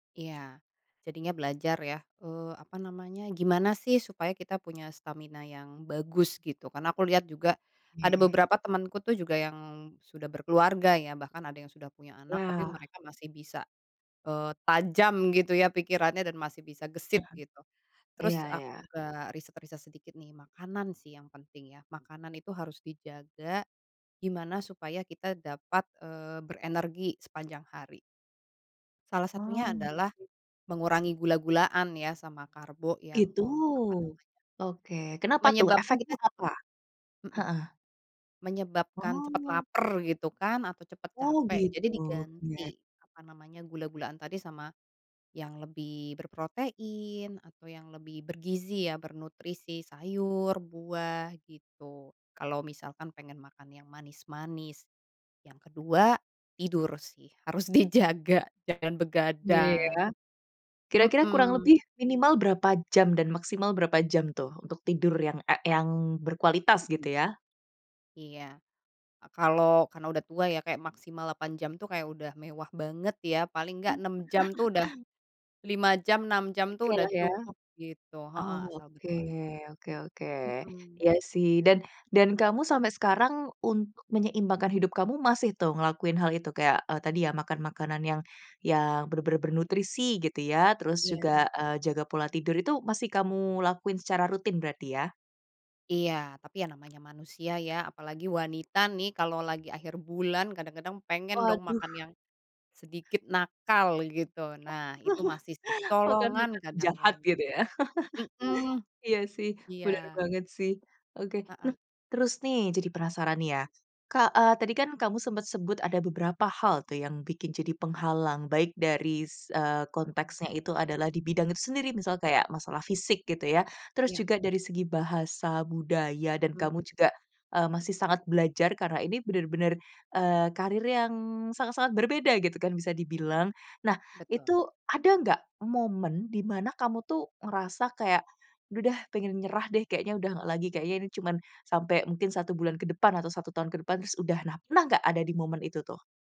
Ya. Jadinya belajar ya, eee, apa namanya, gimana sih supaya kita punya stamina yang bagus, gitu. Karena aku lihat juga, ada Iya. beberapa temanku tuh juga yang, sudah berkeluarga ya, bahkan ada yang sudah punya anak, tapi Lah. mereka masih bisa, eee, tajam gitu ya pikirannya, dan masih bisa gesit Hmm, gitu. iya Terus aku iya. juga riset-riset sedikit nih, makanan sih yang penting ya, makanan itu harus dijaga, gimana supaya kita dapat, eee, berenergi sepanjang hari. Salah Wah. satunya adalah, [unintelligible] mengurangi gula-gulaan ya, sama karbo yang Itu. kom apa namanya Oke, kenapa tuh? menyebabkan Efeknya kita cepat apa? hmm, Heeh. menyebabkan cepat Oh. laper gitu kan, atau cepat Oh, capek. Jadi gitu, diganti, iya. apa namanya, gula-gulaan tadi sama, yang lebih berprotein, atau yang lebih bergizi ya, bernutrisi, sayur, buah, gitu, kalau misalkan pengen makan yang manis-manis. Yang kedua, tidur sih, harus dijaga, jangan begadang. Iya. Kira-kira kurang Hmm. lebih minimal berapa jam dan maksimal berapa jam tuh, untuk tidur yang, e yang berkualitas, Hmm. gitu ya? Iya. Kalau karena udah tua ya, kayak maksimal 8 jam tuh kayak udah mewah banget ya, paling enggak 6 jam tuh udah [unintelligible] lima jam, 6 jam tuh Oke udah lah ya. cukup, gitu heeh, asal Oke, berkuali oke oke. Hmm. Iya sih dan dan kamu sampai sekarang, untuk menyeimbangkan hidup kamu masih tuh, ngelakuin hal itu kayak, e tadi ya makan makanan yang yang, benar-benar bernutrisi gitu ya, terus Iya na juga, eee, jaga pola tidur itu masih kamu lakuin secara rutin berarti ya? Iya, tapi ya namanya manusia ya, apalagi wanita nih, kalau lagi akhir bulan kadang-kadang pengen dong Waduh. makan yang, sedikit nakal, gitu. Nah, itu masih sih, Makan kecolongan makanan jahat kadang-kadang. gitu ya, Mmm, iya sih, benar iya. banget sih. Oke, Heeh. nah, terus nih jadi penasaran nih ya, Kak, e tadi kan kamu sempet sebut ada beberapa hal tuh yang bikin jadi penghalang, baik dari s eee, Hmm. konteksnya itu adalah di bidang itu sendiri, misal kayak masalah fisik gitu ya. Terus Iya. juga dari segi bahasa, budaya, dan Mhm. kamu juga, eee, masih sangat belajar, karena ini benar-benar, eee, karir yang sangat sangat berbeda gitu kan, bisa dibilang. Nah, Betul. itu ada enggak, momen di mana kamu tuh, ngerasa kayak, "Udah deh, pengen nyerah deh, kayaknya udah nggak lagi. Kayaknya ini cuman sampai, mungkin 1 bulan ke depan, atau 1 tahun ke depan, terus udah." Nah, pernah enggak ada di momen itu tuh?